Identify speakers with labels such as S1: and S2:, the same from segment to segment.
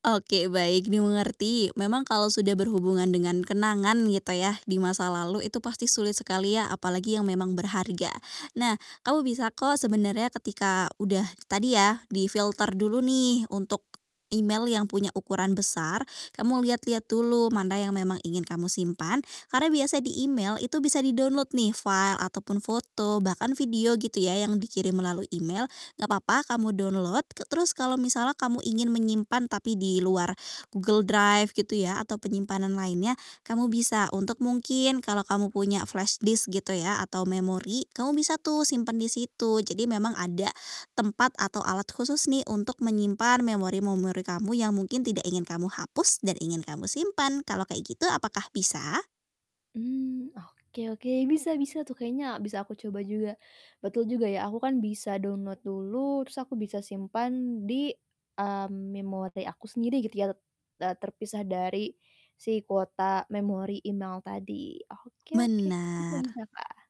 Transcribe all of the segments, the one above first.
S1: Oke, baik, dimengerti. Memang kalau sudah berhubungan dengan kenangan, gitu yah, di masa lalu itu pasti sulit sekali ya, apalagi yang memang berharga. Nah, kamu bisa kok sebenarnya ketika udah, tadi ya, difilter dulu nih untuk email yang punya ukuran besar, kamu lihat-lihat dulu mana yang memang ingin kamu simpan, karena biasa di email itu bisa di-download nih file, ataupun foto, bahkan video, gitu ya, yang dikirim melalui email, nggak papa kamu download. K terus kalau misalnya kamu ingin menyimpan tapi di luar Google Drive, gitu ya, atau penyimpanan lainnya, kamu bisa untuk mungkin kalau kamu punya flashdisk, gitu ya, atau memori, kamu bisa tuh simpan di situ. Jadi, memang ada tempat atau alat khusus nih untuk menyimpan memori-memori kamu yang mungkin tidak ingin kamu hapus dan ingin kamu simpan. Kalau kayak gitu apakah bisa?
S2: Mmm, oke oke, bisa bisa tuh kayaknya bisa aku coba juga. Betul juga ya, aku kan bisa download dulu, terus aku bisa simpan di, mmm, memori aku sendiri, gitu ya, t eee, terpisah dari si kuota memori email tadi, oke oke, bisa
S1: Benar
S2: bisa, Kak.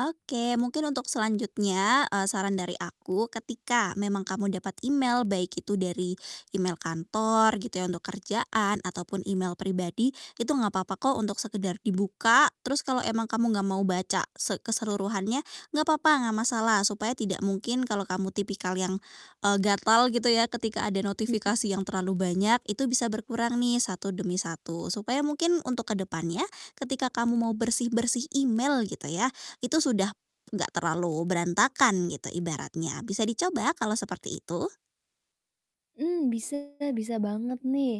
S1: Oke, mungkin untuk selanjutnya, eee, saran dari aku ketika memang kamu dapat email, baik itu dari email kantor, gitu ya, untuk kerjaan, ataupun email pribadi, itu enggak papa kok untuk sekedar dibuka. Terus, kalau emang kamu enggak mau baca se keseluruhannya nggak papa nggak masalah, supaya tidak mungkin, kalau kamu tipikal yang, eee, gatal, gitu ya, ketika ada
S2: Mhm.
S1: notifikasi yang terlalu banyak, itu bisa berkurang nih satu demi satu, supaya mungkin untuk ke depannya ketika kamu mau bersih-bersih email, gitu ya, itu sudah enggak terlalu berantakan, gitu ibaratnya. Bisa dicoba kalau seperti itu?
S2: Mmm, bisa bisa banget nih.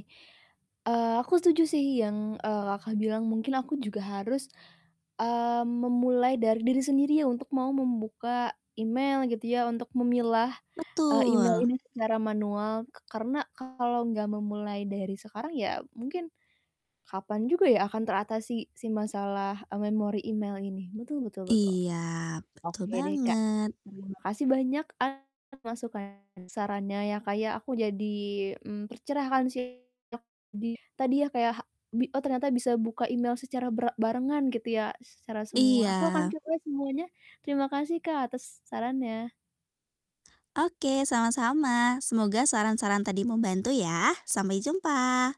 S2: Eee, aku setuju sih yang, eee, Kakak, bilang, mungkin aku juga harus, mmm, memulai dari diri sendiri ya untuk mau membuka email gitu ya untuk memilah, eee, email
S1: Betul!
S2: ini secara manual. K karena kalau nggak memulai dari sekarang, ya mungkin kapan juga ya akan teratasi si masalah, eee, memori email ini, betul betul betul.
S1: Iya, betul
S2: Oke deh, Kak.
S1: banget.
S2: Terima kasih banyak atas masukan dan sarannya ya, Kak, ya, aku jadi, mmm, tercerahkan sih ya, di tadi ya kayak hak bi oh, ternyata bisa buka email secara bra barengan gitu ya s secara semua, aku akan
S1: Iya.
S2: coba semuanya, terima kasih, Kak, atas sarannya!
S1: Oke, sama-sama. Semoga saran-saran tadi membantu ya. Sampai jumpa!